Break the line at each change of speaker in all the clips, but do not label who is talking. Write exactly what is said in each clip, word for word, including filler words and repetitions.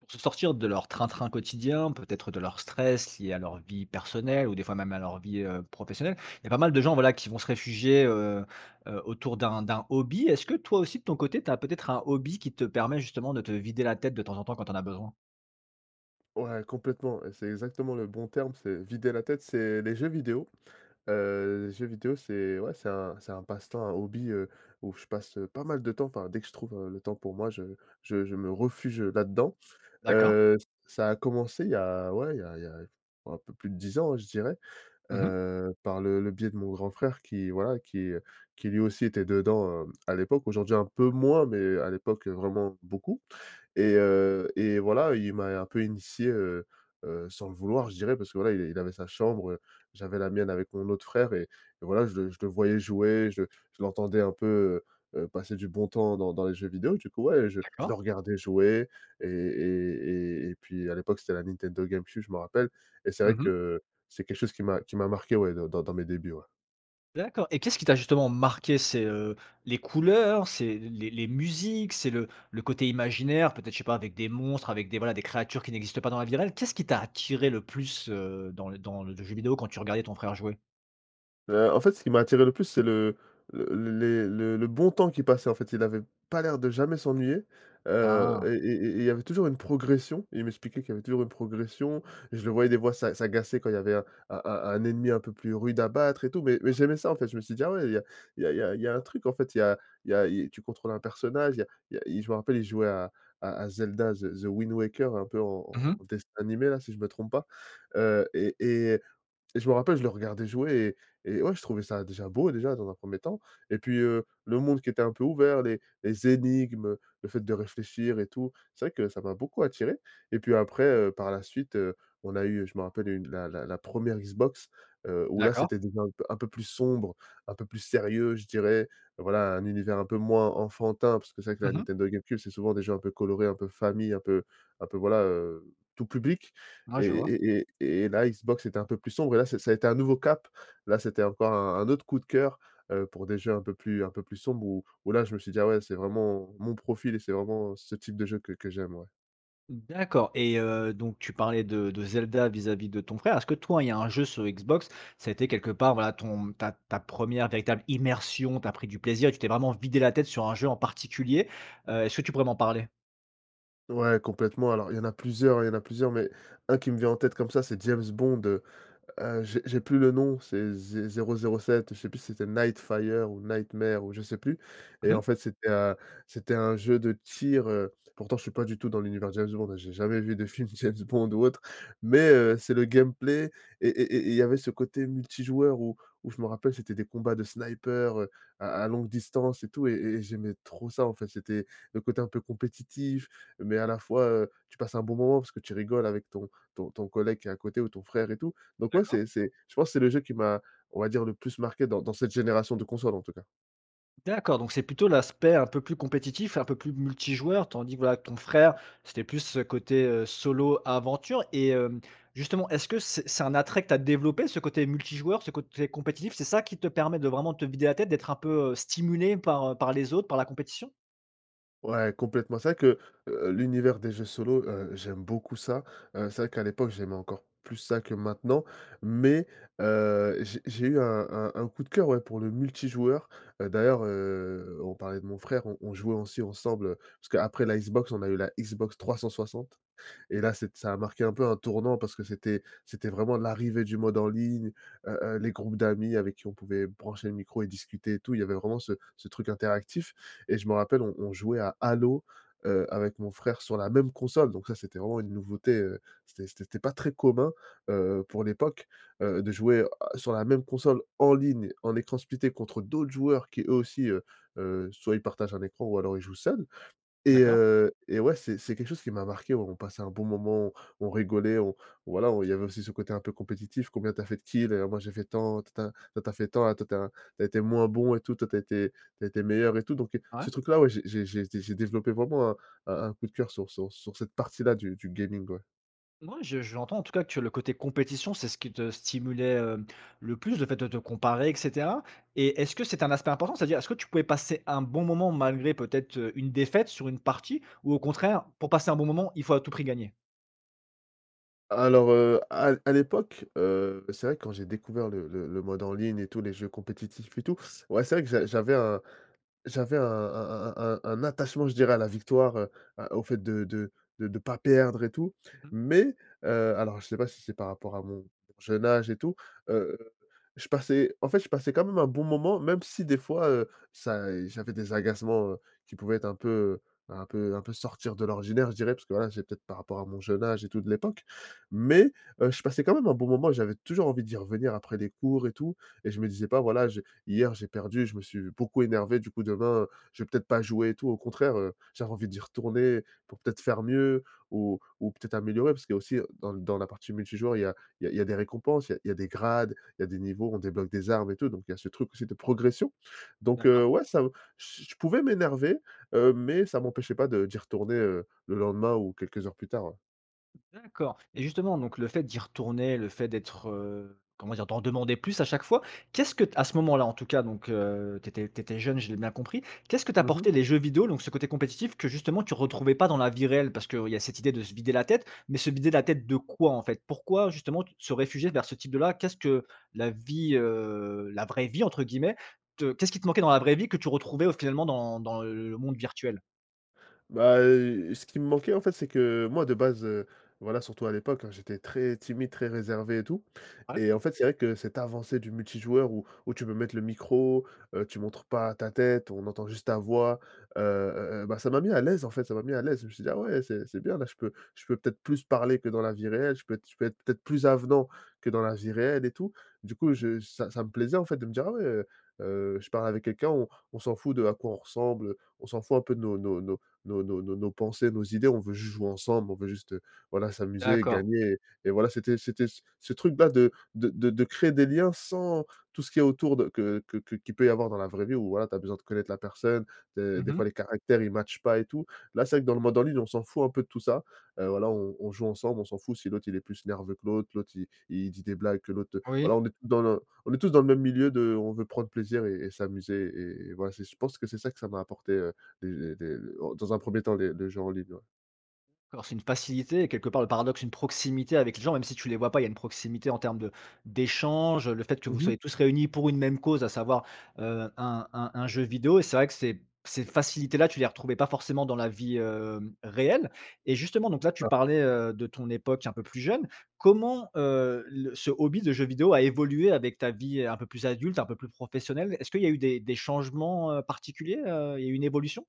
Pour se sortir de leur train-train quotidien, peut-être de leur stress lié à leur vie personnelle ou des fois, même, à leur vie, heu, professionnelle, il y a pas mal de gens, voilà, qui vont se réfugier, heu, heu, autour d'un d'un hobby. Est-ce que toi aussi de ton côté, tu as peut-être un hobby qui te permet justement de te vider la tête de temps en temps quand tu en as besoin?
Ouais, complètement, et c'est exactement le bon terme, c'est «vider la tête». C'est les jeux vidéo, heu, jeux vidéo, c'est, ouais, c'est un c'est un passe-temps, un hobby, heu, où je passe, heu, pas mal de temps, enfin, dès que je trouve, heu, le temps pour moi, je je je me refuge, heu, là-dedans.
D'accord.
Heu, ç ça a commencé, il y a, ouais, il y a il y a, oh, un peu plus de dix ans, ouais, je dirais.
Mmh mh.
Heu, par le le biais de mon grand frère qui, voilà, qui qui lui aussi était dedans, heu, à l'époque, aujourd'hui un peu
Ouais.
moins, mais à l'époque, heu, vraiment beaucoup. Et heu, et voilà, il m'a un peu initié, heu, heu, sans le vouloir, je dirais, parce que, voilà, il est il avait sa chambre, j'avais la mienne avec mon autre frère et et voilà, je le je le voyais jouer, je je l'entendais un peu, heu, heu, passer du bon temps dans dans les jeux vidéo, du coup, ouais, je je le
D'accord.
regardais jouer et et et et puis à l'époque, c'était la Nintendo Game Cube, je m'en rappelle, et c'est vrai
Mmh mh.
que c'est quelque chose qui m'a qui m'a marqué, ouais, de dans dans mes débuts, ouais.
D'accord, et qu'est-ce qui t'a justement marqué? C'est, heu, les couleurs? C'est les les musiques? C'est le le côté imaginaire? Peut-être, je sais pas, avec des monstres, avec des, voilà, des créatures qui n'existent pas dans la vie réelle? Qu'est-ce qui t'a attiré le plus, heu, dans l dans le jeu vidéo quand tu regardais ton frère jouer?
Heu, en fait, ce qui m'a attiré le plus, c'est le l le les le le bon temps qu'il passait. En fait, il avait pas l'air de jamais s'ennuyer, heu,
Ah!
et et et et il y avait toujours une progression et il m'expliquait qu'il y avait toujours une progression. Je le voyais, des fois, s'a s'agacer quand il y avait un un un un ennemi un peu plus rude à battre, et tout. Mais mais j'aimais ça, en fait. Je me suis dit: «Ah ouais! Il y a il y a il y a il y a un truc, en fait, il y a il y a il tu contrôles un personnage il y a il y a». Il je me rappelle il jouait à à à Zelda the the Wind Waker, un peu
Mmh
en
mh.
en dessin animé là, si je me trompe pas, heu, et et et je me rappelle, je le regardais jouer et et, ouais, je trouvais ça, déjà, beau, déjà, dans un premier temps et puis, heu, le monde qui était un peu ouvert, les les énigmes, heu, le fait de réfléchir et tout, c'est vrai que ça m'a beaucoup attiré. Et puis après,
D'accord.
heu, par la suite, heu, on a eu, je me rappelle, une la la la première Xbox, heu, où, là,
D'accord.
c'était des jeux un p un peu plus sombres, un peu plus sérieux, je dirais. Voilà, un univers un peu moins enfantin, parce que c'est vrai que
Mmh
la
mh.
Nintendo Game Cube, c'est souvent des jeux un peu colorés, un peu famille, un peu un peu voilà, heu, tout public.
Ouais,
Et
je vois.
et et et la Xbox, c'était un peu plus sombre et là c'est ça a été un nouveau cap, là, c'était encore un un autre coup de cœur, heu, pour des jeux un peu plus un peu plus sombres où où là je me suis dit: «Ah ouais, c'est vraiment mon profil, c'est vraiment ce type de jeu que que j'aime», ouais.
D'accord. Et heu, donc tu parlais de de Zelda, vis-à-vis de ton frère. Est-ce que toi, il y a un jeu sur Xbox, ça a été quelque part, voilà, ton ta ta première véritable immersion, tu as pris du plaisir et tu t'es vraiment vidé la tête sur un jeu en particulier? Heu, est-ce que tu pourrais m'en parler?
Ouais, complètement, alors, il y en a plusieurs, il y en a plusieurs, mais un qui me vient en tête comme ça, c'est James Bond, heu, heu, j'ai j'ai plus le nom, c'est Zé Zéro Zéro Sept, je sais plus si c'était Nightfire ou Nightmare ou je sais plus. Et
Mmh mh.
en fait, c'était, heu, c'était un jeu de tir, heu- pourtant, je suis pas du tout dans l'univers James Bond, hein, j'ai jamais vu des films James Bond ou autre- mais, heu, c'est le gameplay et et et et il y avait ce côté multijoueur où où, je me rappelle, c'était des combats de sniper, heu, à à longue distance et tout, et et j'aimais trop ça, en fait, c'était le côté un peu compétitif mais à la fois, heu, tu passes un bon moment, parce que tu rigoles avec ton ton ton collègue qui est à côté ou ton frère et tout. Donc ouais,
D'accord.
c'est c'est, je pense, c'est le jeu qui m'a, on va dire, le plus marqué dans dans cette génération de console, en tout cas.
D'accord. Donc c'est plutôt l'aspect un peu plus compétitif, un peu plus multijoueur, tandis que, voilà, ton frère, c'était plus ce côté, heu, solo aventure. Et hem, justement, est-ce que c'est c'est un attrait que tu as développé, ce côté multijoueur, ce côté compétitif? C'est ça qui te permet de vraiment te vider la tête, d'être un peu, heu, stimulé par, heu, par les autres, par la compétition?
Ouais, complètement. C'est vrai que, heu, l'univers des jeux solo, heu, j'aime beaucoup ça. Heu, c'est vrai qu'à l'époque j'aimais encore plus ça que maintenant mais, heu, j'ai j'ai eu un un un coup de cœur, ouais, pour le multijoueur. Heu, d'ailleurs, heu, on parlait de mon frère, on on jouait aussi ensemble, heu, parce qu'après la Xbox, on a eu la Xbox 360 et là c'est ça a marqué un peu un tournant, parce que c'était c'était vraiment l'arrivée du mode en ligne, heu, heu, les groupes d'amis avec qui on pouvait brancher le micro et discuter et tout. Il y avait vraiment ce ce truc interactif. Et je me rappelle, on on jouait à Halo, heu, avec mon frère sur la même console. Donc ça, c'était vraiment une nouveauté, heu, c'était c'était té pas très commun, heu, pour l'époque, heu, de jouer, heu, sur la même console en ligne, en écran splitté contre d'autres joueurs qui, eux aussi, heu heu, soit ils partagent un écran ou alors, ils jouent seuls. Et
D'accord.
heu, et ouais, c'est c'est quelque chose qui m'a marqué, on on passait un bon moment, on on rigolait, on voilà, on il y avait aussi ce côté un peu compétitif, «Combien tu as fait de kills?», et «Ah moi, j'ai fait tant, tin tin», «Toi, tu as fait tant, ah toi tu es un tu as été moins bon», et tout, «Tu as été tu as été meilleur», et tout. Donc, heu,
Ouais.
ce truc-là, ouais, j'ai j'ai j'ai dé j'ai développé vraiment un un un coup de cœur sur sur sur cette partie-là du du gaming, ouais.
Mouais. Je j'entends, en tout cas, que tu le côté compétition, c'est ce qui te stimulait, hem, le plus, le fait de te comparer et cetera. Et est-ce que c'était un aspect important? C'est-à-dire, est-ce que tu pouvais passer un bon moment malgré peut-être, heu, une défaite sur une partie ou au contraire pour passer un bon moment, il faut à tout prix gagner?
Alors, heu, à l à l'époque, heu, c'est vrai, quand j'ai découvert le le le mode en ligne et tous les jeux compétitifs et tout, ouais, c'est vrai que j'a j'avais un j'avais un un un un un attachement, je dirais, à la victoire, heu, à au fait de de de de pas perdre et tout
Mmh mh.
mais, heu- alors je sais pas si c'est par rapport à mon jeune âge et tout- heu, je passais, en fait, je passais quand même un bon moment même si des fois, heu, ça, eh, j'avais des agacements, heu, qui pouvaient être un peu un peu un peu sortir de l'ordinaire, je dirais parce que, voilà, j'ai peut-être par rapport à mon jeune âge et tout de l'époque. Mais, heu, je passais quand même un bon moment et j'avais toujours envie d'y revenir après les cours et tout, et je me disais pas: «Voilà j'ai hier j'ai perdu, je me suis beaucoup énervé, du coup demain, je vais peut-être pas jouer», et tout. Au contraire, heu, j'avais envie d'y retourner pour peut-être faire mieux ou ou peut-être améliorer, parce qu'il y a aussi, dans dans la partie multijoueur, il y a il y a il y a des récompenses, il y a il y a des grades, il y a des niveaux. On débloque des armes et tout, donc il y a ce truc aussi de progression. Donc,
D'accord.
heu, ouais ça, heu, j je pouvais m'énerver, heu, mais ça m'empêchait pas de d'y retourner, heu, le lendemain ou quelques heures plus tard, ouais.
D'accord. Et justement, donc, le fait d'y retourner, le fait d'être, heu, comment dire? D'en redemander plus à chaque fois, qu'est-ce que t à ce moment-là, en tout cas, donc, heu, tu étais tu étais jeune, je l'ai bien compris, qu'est-ce que
Mmh mh.
t'apportaient les jeux vidéo, donc ce côté compétitif que, justement, tu retrouvais pas dans la vie réelle? Parce qu'il y a cette idée de se vider la tête, mais se vider la tête de quoi, en fait? Pourquoi, justement, tu te réfugiais vers ce type de là? Qu'est-ce que la vie, heu, «la vraie vie», entre guillemets, te qu'est-ce qui te manquait dans la vraie vie, que tu retrouvais au finalement dans dans le le monde virtuel?
Bah, heu, ce qui me manquait, en fait, c'est que moi de base, heu- voilà, surtout à l'époque, hein- j'étais très timide, très réservé et tout,
Ouais.
et en fait, c'est vrai que cette avancée du multijoueur où où tu peux mettre le micro, heu, tu montres pas ta tête, on entend juste ta voix, heu, heu, heu, ben, ça m'a mis à l'aise en fait, ça m'a mis à l'aise. Je me suis dit: «Ah
Ah.
ouais, c'est c'est bien là, je peux je peux peut-être plus parler que dans la vie réelle, je peux être je peux être peut-être plus avenant que dans la vie réelle, et tout», du
Mmh
coup
mh.
je ça ça me plaisait, en fait, de me dire: «Ah ouais, heu, heu, je parle avec quelqu'un, on on s'en fout d'à quoi on ressemble. Heu, on s'en fout un peu de nos nos nos nos nos nos nos pensées, nos idées. On veut juste jouer ensemble. On veut juste, heu, voilà, s'amuser,
D'accord.
gagner», et et voilà, c'était c'était c ce truc là de de de de créer des liens, sans tout ce qu'il y a autour de que que que qu'il peut y avoir dans la vraie vie ou voilà, tu as besoin de connaître la personne, des
Mmh
des
mh.
fois, les caractères, ils matchent pas et tout. Là, c'est vrai que, dans le mode en ligne, on s'en fout un peu de tout ça. Heu, voilà, on on joue ensemble. On s'en fout si l'autre il est plus nerveux que l'autre, l'autre il il dit des blagues que l'autre
Oui.
voilà, on est dans le on est tous dans le même milieu de: «on veut prendre plaisir et et s'amuser», et et voilà, c'est je pense que c'est ça, que ça m'a apporté, heu, des des dans un premier temps les le jeu en ligne, ouais.
D'accord, c'est une facilité quelque part, le paradoxe, une proximité avec les gens, même si tu les vois pas, il y a une proximité en termes de d'échanges, heu, le fait que vous
Mmh mh.
soyez tous réunis pour une même cause, à savoir, heu, un un un jeu vidéo. Et c'est vrai que ces ces facilités là, tu les retrouvais pas forcément dans la vie, hem, réelle. Et justement, donc là, tu
Ah.
parlais, heu, de ton époque un peu plus jeune. Comment, heu, le ce hobby de jeux vidéo a évolué avec ta vie un peu plus adulte, un peu plus professionnelle? Est-ce qu'il y a eu des des changements, heu, particuliers, heu, il y a eu une évolution?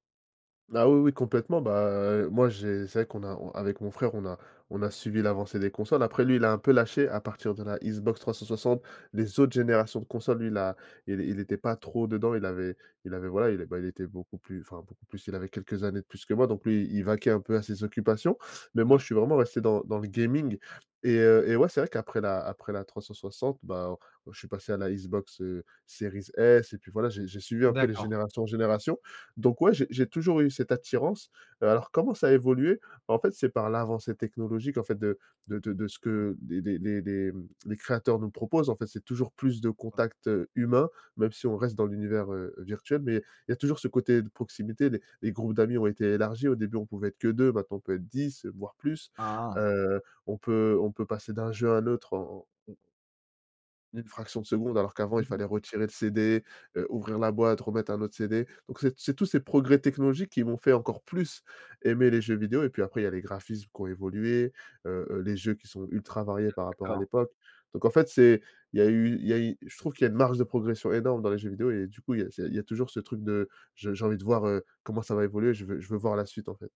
Ah oui, oui, complètement, bah, moi, j'ai c'est vrai qu'on a on avec mon frère, on a on a suivi l'avancée des consoles. Après, lui, il a un peu lâché à partir de la Xbox 360. Les autres générations de console lui, il a il il était pas trop dedans. Il avait il avait, voilà, il a bah, il était beaucoup plus- enfin beaucoup plus, il avait quelques années de plus que moi- donc lui, il vaquait un peu à ses occupations. Mais moi,
Ouais.
je suis vraiment resté dans dans le gaming et, heu, et ouais, c'est vrai qu'après la après la 360, bah, on, heu, je suis passé à la Xbox, heu, Series S et puis voilà, j'ai j'ai suivi un peu les
D'accord.
générations en générations. Donc ouais, j'ai j'ai toujours eu cette attirance. Alors, comment ça a évolué? En fait, c'est par l'avancée technologique, en fait, de de de de ce
Mmh.
que des des des des, mmh, des créateurs nous proposent, en fait. C'est toujours plus de
Ouais.
contacts, heu, humains, même si on reste dans l'univers, heu, virtuel. Mais il y a toujours ce côté de proximité, les les groupes d'amis ont été élargis. Au début, on pouvait être que deux, maintenant, on peut être dix, voire plus.
Ah.
Heu, on peut on peut passer d'un jeu à un autre en en mmh. une fraction de seconde, alors qu'avant, il
Mmh mh.
fallait retirer le CD, heu, ouvrir la boîte, remettre un autre CD. Donc, c'est t c'est tous ces progrès technologiques qui m'ont fait encore plus aimer les jeux vidéo. Et puis, après, il y a les graphismes qui ont évolué, heu, heu, les jeux qui sont ultra variés
D'ac
par rapport à
d'accord.
l'époque. Donc en fait, c'est il y a eu il y a eu je trouve qu'il y a une marge de progression énorme dans les jeux vidéo et du coup, il y a c'est il y a toujours ce truc de: «Je j'ai envie de voir, heu, comment ça va évoluer, je veux je veux voir la suite», en fait.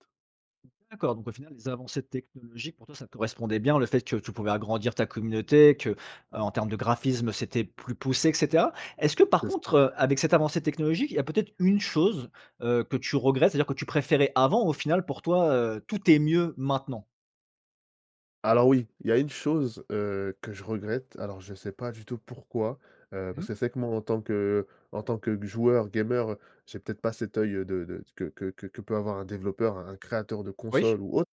D'accord, donc, au final, les avancées technologiques, pour toi, ça correspondait bien, le fait que tu pouvais agrandir ta communauté, que, heu, en termes de graphisme, c'était plus poussé et cetera. Est-ce que par
C'est c
contre, heu, avec cette avancée technologique, il y a peut-être une chose, heu, que tu regrettes, c'est-à-dire que tu préférais avant ou au final, pour toi, heu, tout est mieux maintenant?
Alors oui, il y a une chose, heu, que je regrette: alors je sais pas du tout pourquoi, heu,
Mmh
parce
mh.
que c'est vrai que moi, en tant que en tant que g joueur gamer, j'ai peut-être pas cet œil de de que que que peut avoir un développeur, un un créateur de
Oui.
console ou autre,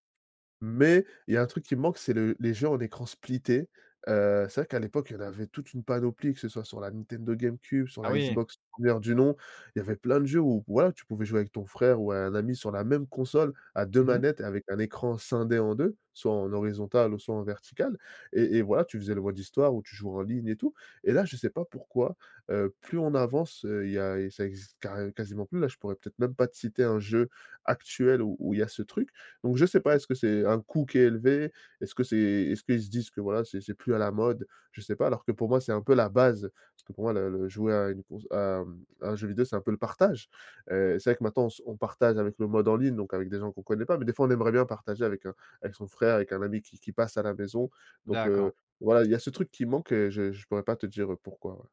mais il y a un truc qui me manque, c'est le les jeux en écran splitté. Heu, c'est vrai qu'à l'époque, il y en avait toute une panoplie, que ce soit sur la Nintendo Game Cube, sur
Ah
la
oui!
Xbox première du nom. Il y avait plein de jeux où voilà, tu pouvais jouer avec ton frère ou un ami sur la même console à deux
Mmh mh.
manettes, avec un écran scindé en deux, soit en horizontal ou soit en vertical. Et et, voilà, tu faisais le mode histoire où tu jouais en ligne, et tout. Et là, je sais pas pourquoi, heu, plus on avance, heu, il y a et ça existe carré quasiment plus, là, je pourrais peut-être même pas te citer un jeu actuel où où il y a ce truc, donc je sais pas,
Mmh.
est-ce que c'est un coût qui est élevé? Est-ce que c'est est-ce qu'ils se disent que, voilà, c'est c'est plus à la mode? Je sais pas. Alors que, pour moi, c'est un peu la base, parce que pour moi le le jouer à une conso à, mmh, à un jeu vidéo, c'est un peu le partage.
Ouais.
Heu, c'est vrai que, maintenant, on s on partage avec le mode en ligne, donc avec des gens qu'on connaît pas, mais, des fois, on aimerait bien partager avec, heu, avec son frère, avec un ami qui qui passe à la maison donc,
D'accord.
heu, voilà, il y a ce truc qui manque et je je pourrais pas te dire pourquoi, ouais.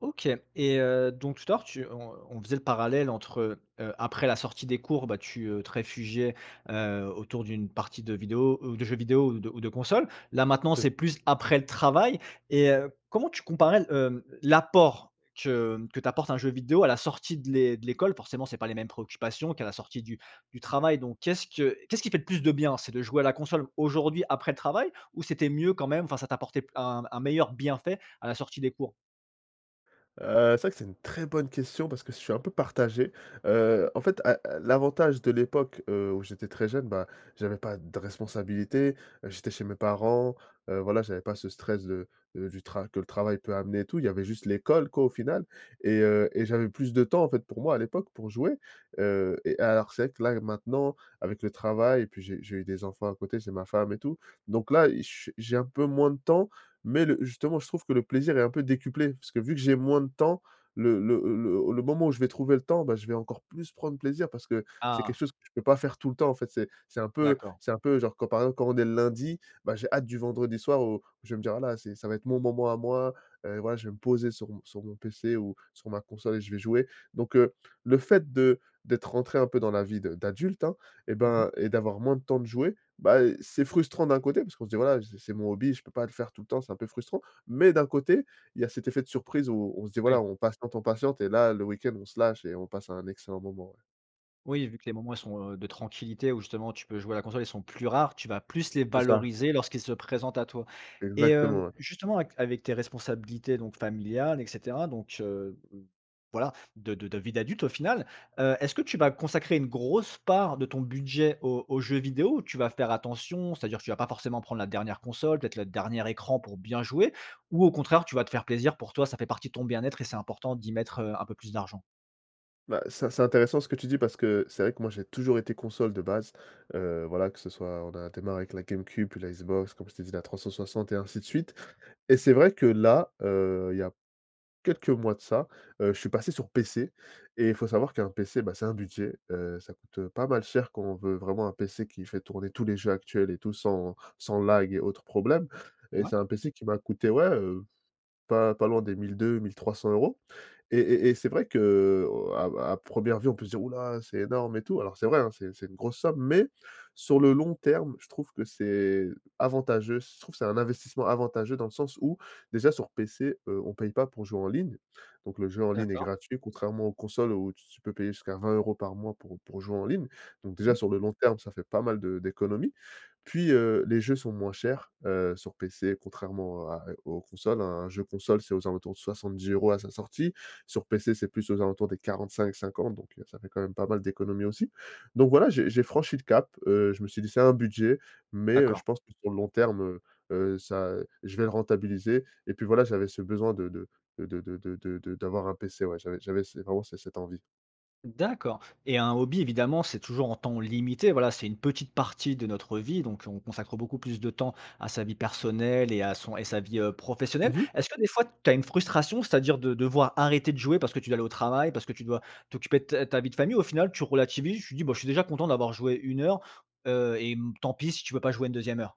OK. Et heu, donc, tout à l'heure tu on on faisait le parallèle entre, heu, après la sortie des cours, bah, tu, heu, te réfugiais, heu, autour d'une partie de vidéos ou de jeux vidéo ou de ou de consoles. Là maintenant,
C'est c
c'est plus après le travail. Et heu, comment tu comparerais l hem, l'apport que, mmh, que t'apporte un jeu vidéo à la sortie de l'é de l'école? Forcément, c'est pas les mêmes préoccupations qu'à la sortie du du travail. Donc qu'est-ce que qu'est-ce qui fait le plus de bien? C'est de jouer à la console aujourd'hui après le travail ou c'était mieux quand même enfin, ça t'apportait p un un meilleur bienfait à la sortie des cours?
Heu, c'est vrai que c'est une très bonne question, parce que je suis un peu partagé. Heu, en fait, a l'avantage de l'époque, heu, où j'étais très jeune, ben, j'avais pas de responsabilité, heu, j'étais chez mes parents, heu, voilà, j'avais pas ce stress de, heu, du tra que le travail peut amener, et tout. Il y avait juste l'école, quoi, au final. Et heu, et j'avais plus de temps, en fait, pour moi, à l'époque, pour jouer. Heu, et alors, c'est vrai que là, maintenant, avec le travail et puis, j'ai eu j'ai eu des enfants à côté, j'ai ma femme, et tout. Donc là, i je s j'ai un peu moins de temps mais le justement, je trouve que le plaisir est un peu décuplé parce que, vu que j'ai moins de temps, le le le le moment où je vais trouver le temps, bah, je vais encore plus prendre plaisir, parce que c'est quelque
Ah!
chose que je peux pas faire tout le temps. En fait, c'est c'est un peu
D'accord.
c'est un peu genre, quand, par exemple, quand on est le lundi, bah, j'ai hâte du vendredi soir où où je vais me dire: «Ah là, c'est ça va être mon moment à moi, heu, voilà, je vais me poser sur mon sur mon PC ou sur ma console et je vais jouer», donc, heu, le fait de d'être rentré un peu dans la vie de d'adulte, hein, et
Mmh mh.
ben et d'avoir moins de temps de jouer, bah, eh, c'est frustrant d'un côté, parce qu'on se dit: «Voilà, j'ai c'est mon hobby, je peux pas le faire tout le temps, c'est un peu frustrant», mais d'un côté, il y a cet effet de surprise, où on se dit, voilà,
Oui.
on patiente, on patiente et là le week-end, on se lâche et on passe un excellent moment, ouais.
Oui, vu que les moments, ils sont, heu, de tranquillité où, justement, tu peux jouer à la console, ils sont plus rares. Tu vas plus les
C'est ça.
valoriser lorsqu'ils se présentent à toi. Et hem,
Exactement, ouais.
justement avec avec tes responsabilités donc familiales, et cetera, donc, heu v voilà de de de vie d'adulte au final, heu, est-ce que tu vas consacrer une grosse part de ton budget aux aux jeux vidéo ou tu vas faire attention? C'est-à-dire, tu vas pas forcément prendre la dernière console, peut-être le dernier écran pour bien jouer ou au contraire, tu vas te faire plaisir pour toi, ça fait partie de ton bien-être et c'est important d'y mettre, heu, un peu plus d'argent?
Bah, c'est c'est intéressant ce que tu dis parce que c'est vrai que moi, j'ai toujours été console de base, heu, voilà, que ce soit on a démarré avec la Game Cube puis la Xbox comme je t'ai dit, la 360, et ainsi de suite. Et c'est vrai que, là, heu, il y a quelques mois de ça, heu, je suis passé sur PC et il faut savoir qu'un PC, bah, c'est un budget, heu, ça coûte pas mal cher quand on veut vraiment un PC qui fait tourner tous les jeux actuels et tout, sans sans lag et autres problèmes. Et
Ouais.
c'est un PC qui m'a coûté, ouais, heu, pas pas loin des mille deux-mille trois cents euros et et et c'est vrai que à à première vue, on peut se dire: «Houlà! C'est énorme et tout». Alors c'est vrai, hein, c'est c'est une grosse somme, mais sur
Mmh.
le long terme, je trouve que c'est avantageux. C je trouve, c'est un investissement avantageux, dans le sens où, déjà, sur PC, heu, on paye pas pour jouer en ligne, donc le jeu en ligne est
D'accord.
gratuit contrairement aux consoles où tu tu peux payer jusqu'à vingt euros par mois pour pour jouer en ligne. Donc
Mmh
déjà,
mh.
sur le long terme, ça fait pas mal de d'économies. Puis, heu, les jeux sont moins chers, heu, sur PC contrairement à et aux consoles, un jeu console, c'est aux alentours de soixante-dix euros à sa sortie. Sur PC, c'est plus aux alentours des quarante-cinq-cinquante donc, heu, ça fait quand même pas mal d'économies aussi. Donc voilà, j'ai j'ai franchi le cap, heu, je me suis dit: «C'est un budget mais, heu, je
D'accord.
pense que sur le long terme, heu, heu, ça, heu, je vais le rentabiliser», et puis voilà, j'avais ce besoin de de de de de de de de d'avoir un PC, ouais, j'avais j'avais ce vraiment ce cette envie.
D'accord. Et un hobby, évidemment, c'est toujours en temps limité. Voilà, c'est une petite partie de notre vie. Donc, on consacre beaucoup plus de temps à sa vie personnelle et à son et sa vie, heu, professionnelle.
Mmh mh.
Est-ce que des fois, tu as une frustration, c'est-à-dire, de devoir arrêter de jouer parce que tu dois aller au travail? Parce que tu dois t'occuper de ta ta vie de famille? Ou au final, tu relativises, tu dis: «Bah je suis déjà content d'avoir joué une heure», heu, et, mmh, tant pis si tu peux pas jouer une deuxième heure?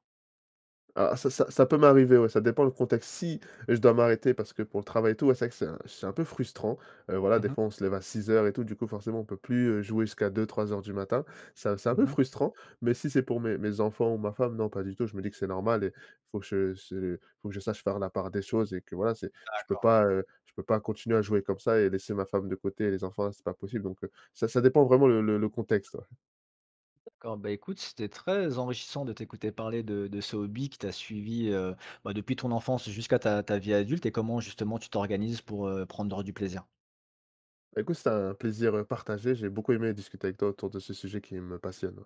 Ah ça ça ça peut m'arriver, ouais, ça dépend le contexte. Si je dois m'arrêter parce que pour le travail et tout, ouais, c'est vrai que c'est un c'est un peu frustrant. Heu, voilà,
Mmh
des
mh.
fois, on se lève à six heures et tout, du coup, forcément, on peut plus, heu, jouer jusqu'à deux-trois heures du matin. Ça, c'est un peu
Mmh mh.
frustrant mais si c'est pour mes mes enfants ou ma femme, non pas du tout, je me dis que c'est normal et il faut que je se faut que je sache faire la part des choses et que voilà, c'est je peux
D'accord.
pas, heu, je peux pas continuer à jouer comme ça et laisser ma femme de côté, et les enfants, là, c'est pas possible. Donc, heu, ça ça dépend vraiment le le le contexte, ouais.
D'accord. Bah, écoute, c'était très enrichissant de t'écouter parler de de ce hobby qui t'a suivi, heu, bah, depuis ton enfance jusqu'à ta ta vie adulte et comment, justement, tu t'organises pour, heu, prendre du plaisir.
Écoute, c'était un plaisir, heu, partagé. J'ai beaucoup aimé discuter avec toi autour de ce sujet qui me passionne, ouais.